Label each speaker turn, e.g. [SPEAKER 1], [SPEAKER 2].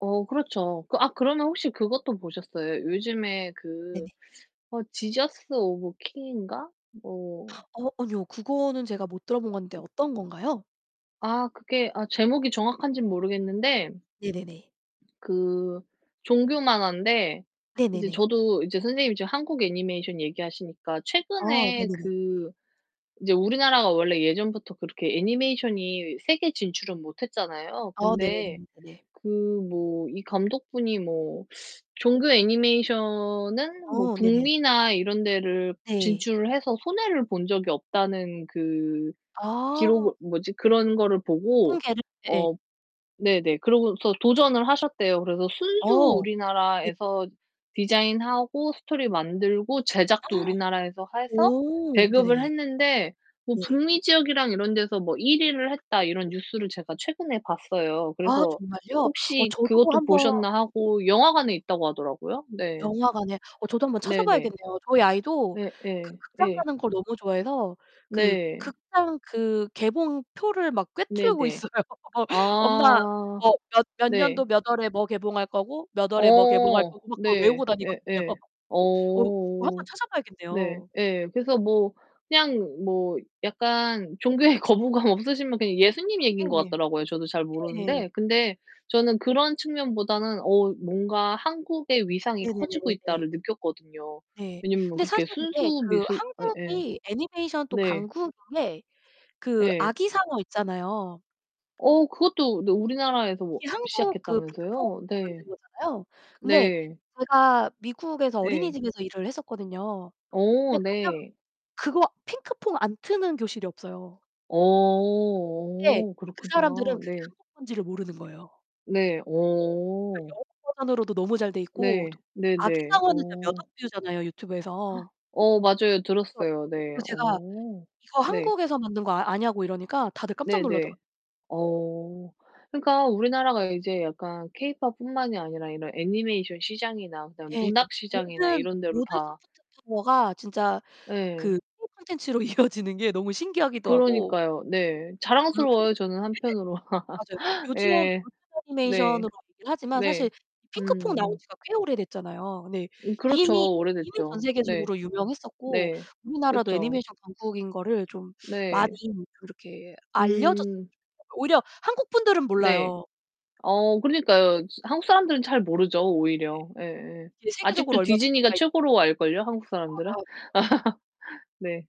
[SPEAKER 1] 어 그렇죠. 아 그러면 혹시 그것도 보셨어요? 요즘에 그
[SPEAKER 2] 네네.
[SPEAKER 1] 어 지저스 오브 킹인가 뭐
[SPEAKER 2] 어 아니요. 그거는 제가 못 들어본 건데 어떤 건가요?
[SPEAKER 1] 아 그게 아 제목이 정확한진 모르겠는데
[SPEAKER 2] 네네네.
[SPEAKER 1] 그 종교 만화인데 이제
[SPEAKER 2] 네네네.
[SPEAKER 1] 저도 이제 선생님이 지금 한국 애니메이션 얘기하시니까
[SPEAKER 2] 아
[SPEAKER 1] 최근에
[SPEAKER 2] 네네네. 예.
[SPEAKER 1] 그 이제 우리나라가 원래 예전부터 그렇게 애니메이션이 세계 진출은 못 했잖아요.
[SPEAKER 2] 아
[SPEAKER 1] 근데
[SPEAKER 2] 네네네네네.
[SPEAKER 1] 그 뭐 이 감독분이 뭐 종교 애니메이션은 뭐
[SPEAKER 2] 어 네네.
[SPEAKER 1] 북미나 이런 데를
[SPEAKER 2] 네.
[SPEAKER 1] 진출을 해서 손해를 본 적이 없다는 그
[SPEAKER 2] 아.
[SPEAKER 1] 기록을 뭐지 그런 거를 보고
[SPEAKER 2] 통계를 예.
[SPEAKER 1] 어 네네, 그러고서 도전을 하셨대요. 그래서 순수
[SPEAKER 2] 어 네.
[SPEAKER 1] 우리나라에서 디자인하고 스토리 만들고 제작도 우리나라에서 해서
[SPEAKER 2] 오,
[SPEAKER 1] 배급을
[SPEAKER 2] 네네네.
[SPEAKER 1] 했는데 뭐
[SPEAKER 2] 네.
[SPEAKER 1] 북미 지역이랑 이런 데서 뭐 1 위를 했다 이런 뉴스를 제가 최근에 봤어요.
[SPEAKER 2] 아
[SPEAKER 1] 그래서
[SPEAKER 2] 정말요? 어
[SPEAKER 1] 혹시
[SPEAKER 2] 저도
[SPEAKER 1] 그것도
[SPEAKER 2] 한번
[SPEAKER 1] 보셨나 하고 영화관에 있다고 하더라고요. 네.
[SPEAKER 2] 영화관에 어 저도 한 번
[SPEAKER 1] 네네.
[SPEAKER 2] 찾아봐야겠네요. 저희 아이도 그
[SPEAKER 1] 네예,
[SPEAKER 2] 극장
[SPEAKER 1] 예.
[SPEAKER 2] 가는 걸 너무 좋아해서 그
[SPEAKER 1] 네.
[SPEAKER 2] 극장 그 개봉표를 막 꿰뚫고
[SPEAKER 1] 네네.
[SPEAKER 2] 있어요. 엄마
[SPEAKER 1] 아
[SPEAKER 2] 뭐 몇 몇
[SPEAKER 1] 네.
[SPEAKER 2] 년도 몇 월에 뭐 개봉할 거고 몇 월에 뭐 개봉할
[SPEAKER 1] 어
[SPEAKER 2] 거고 막 그걸
[SPEAKER 1] 네.
[SPEAKER 2] 외우고 다니거든요.
[SPEAKER 1] 예예.
[SPEAKER 2] 어 한번
[SPEAKER 1] 어. 네.
[SPEAKER 2] 찾아봐야겠네요.
[SPEAKER 1] 예. 그래서 뭐 그냥 뭐 약간 종교에 거부감 없으시면 그냥 예수님 얘기인 것
[SPEAKER 2] 네.
[SPEAKER 1] 같더라고요, 저도 잘
[SPEAKER 2] 네.
[SPEAKER 1] 모르는데. 근데 저는 그런 측면보다는 '어 뭔가 한국의 위상이 커지고
[SPEAKER 2] 네네네네네.
[SPEAKER 1] 있다.'를 느꼈거든요.
[SPEAKER 2] 네
[SPEAKER 1] 왜냐하면
[SPEAKER 2] 근데
[SPEAKER 1] 그렇게
[SPEAKER 2] 사실 이게
[SPEAKER 1] 순수
[SPEAKER 2] 그
[SPEAKER 1] 미술 예예.
[SPEAKER 2] 한국이 애니메이션 또
[SPEAKER 1] 네.
[SPEAKER 2] 강국인 게 그
[SPEAKER 1] 예.
[SPEAKER 2] 아기상어 있잖아요.
[SPEAKER 1] 어 그것도 너 우리나라에서 뭐
[SPEAKER 2] 이 한국 그
[SPEAKER 1] 시작했다면서요?
[SPEAKER 2] 핑크퐁에서
[SPEAKER 1] 네.
[SPEAKER 2] 만든 거잖아요. 근데
[SPEAKER 1] 네.
[SPEAKER 2] 제가 미국에서
[SPEAKER 1] 예.
[SPEAKER 2] 어린이집에서 일을 했었거든요.
[SPEAKER 1] 어
[SPEAKER 2] 근데 가면
[SPEAKER 1] 네.
[SPEAKER 2] 그거 핑크퐁 안 트는 교실이 없어요. 근데
[SPEAKER 1] 어
[SPEAKER 2] 그
[SPEAKER 1] 그렇구나.
[SPEAKER 2] 사람들은 그게
[SPEAKER 1] 네.
[SPEAKER 2] 한국 거인지를 모르는 거예요.
[SPEAKER 1] 네.
[SPEAKER 2] 네
[SPEAKER 1] 어.
[SPEAKER 2] 영어 버전으로도 너무 잘돼 있고
[SPEAKER 1] 네. 네네.
[SPEAKER 2] 아기상어는 진짜 몇
[SPEAKER 1] 어.
[SPEAKER 2] 억 뷰잖아요, 유튜브에서.
[SPEAKER 1] 어 맞아요.
[SPEAKER 2] 그래서
[SPEAKER 1] 들었어요. 네.
[SPEAKER 2] 그래서 제가
[SPEAKER 1] 어
[SPEAKER 2] 이거
[SPEAKER 1] 네.
[SPEAKER 2] 한국에서 만든 거 아 아냐고 이러니까 다들 깜짝 놀라더라고요.
[SPEAKER 1] 네네. 어 그니까 우리나라가 이제 약간 케이팝뿐만이 아니라 이런 애니메이션 시장이나
[SPEAKER 2] 예
[SPEAKER 1] 그다음에
[SPEAKER 2] 그니까
[SPEAKER 1] 문학 시장이나
[SPEAKER 2] 모든
[SPEAKER 1] 이런 데로
[SPEAKER 2] 모든
[SPEAKER 1] 다
[SPEAKER 2] 소프트 파워가 진짜
[SPEAKER 1] 예.
[SPEAKER 2] 그 K-콘텐츠로 이어지는 게 너무 신기하기도 하고.
[SPEAKER 1] 그러니까요. 네.
[SPEAKER 2] 네. 그리고 네.
[SPEAKER 1] 자랑스러워요. 저는 한편으로.
[SPEAKER 2] 맞아요. 요즘 요즘
[SPEAKER 1] 예. 네.
[SPEAKER 2] 애니메이션으로 얘기를 하지만
[SPEAKER 1] 네.
[SPEAKER 2] 사실 핑크퐁 나온
[SPEAKER 1] 음음.
[SPEAKER 2] 지가 꽤 오래 됐잖아요. 네.
[SPEAKER 1] 음
[SPEAKER 2] 이미,
[SPEAKER 1] 그렇죠.
[SPEAKER 2] 이미 전
[SPEAKER 1] 오래됐죠. 네.
[SPEAKER 2] 세계적으로 유명했었고,
[SPEAKER 1] 네.
[SPEAKER 2] 우리나라도
[SPEAKER 1] 그렇죠.
[SPEAKER 2] 애니메이션 강국인 거를 좀 많이
[SPEAKER 1] 네.
[SPEAKER 2] 이렇게 알려졌으면
[SPEAKER 1] 음.
[SPEAKER 2] 좋겠어요. 오히려 한국분들은
[SPEAKER 1] 네.
[SPEAKER 2] 몰라요.
[SPEAKER 1] 어 그러니까요. 한국 사람들은 잘 모르죠,
[SPEAKER 2] 네.
[SPEAKER 1] 오히려. 예예.
[SPEAKER 2] 이게 세계적으로
[SPEAKER 1] 아직도
[SPEAKER 2] 얼마나
[SPEAKER 1] 디즈니가
[SPEAKER 2] 인기가 있는 건
[SPEAKER 1] 최고로 알걸요? 한국
[SPEAKER 2] 아.
[SPEAKER 1] 사람들은.
[SPEAKER 2] 맞아요, 맞아요.
[SPEAKER 1] 네.